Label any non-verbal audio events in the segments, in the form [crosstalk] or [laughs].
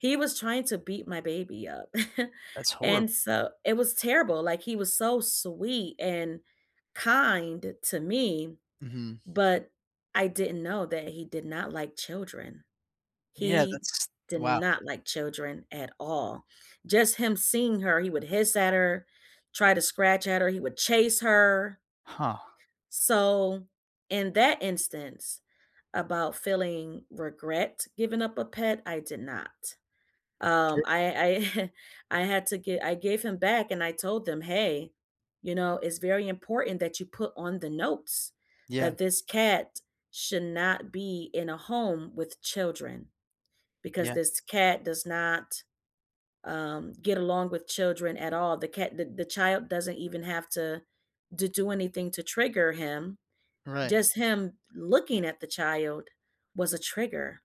He was trying to beat my baby up. [chuckles] That's horrib And so it was terrible, like, he was so sweet and kind to me, Mhm. but I didn't know that he did not like children. Yeah, He that's did wow. not like children at all. Just him seeing her, he would hiss at her, try to scratch at her, he would chase her Huh. so, in that instance, about feeling regret giving up a pet, I did not. Um, Sure. I I [chuckles] I had to gi I gave him back and I told them, "Hey, you know, it's very important that you put on the notes Yeah. that this cat should not be in a home with children because Yeah. this cat does not, um, get along with children at all. The cat the the child doesn't even have to d do anything to trigger him. Right. Just him looking at the child was a trigger."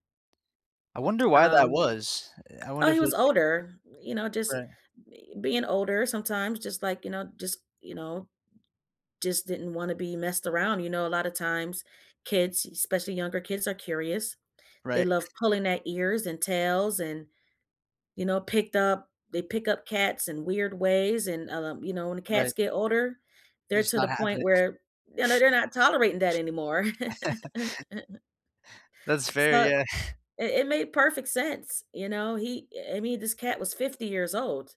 I wonder why that Um was. Eh, I oh, wonder if he was it's like older, you know; just right. be being older sometimes just, like you know, just you know, just didn't wanna be messed around, you know? A lotta times kids, especially younger kids, are curious. They Right. love pulling their ears and tails and, you know, picked up they pick up cats in weird ways, and, u um, you know, when the cats Right. get older, they're Just to the not having point it. where, you know, they're not tolerating that anymore. [chuckles] [laughs] That's fair, So, yeah. [chuckles] it it made perfect sense. You know, he eh, I mean, this cat was 50 years old.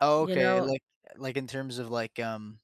Oh, You okay, know like eh, like, in terms of, like, um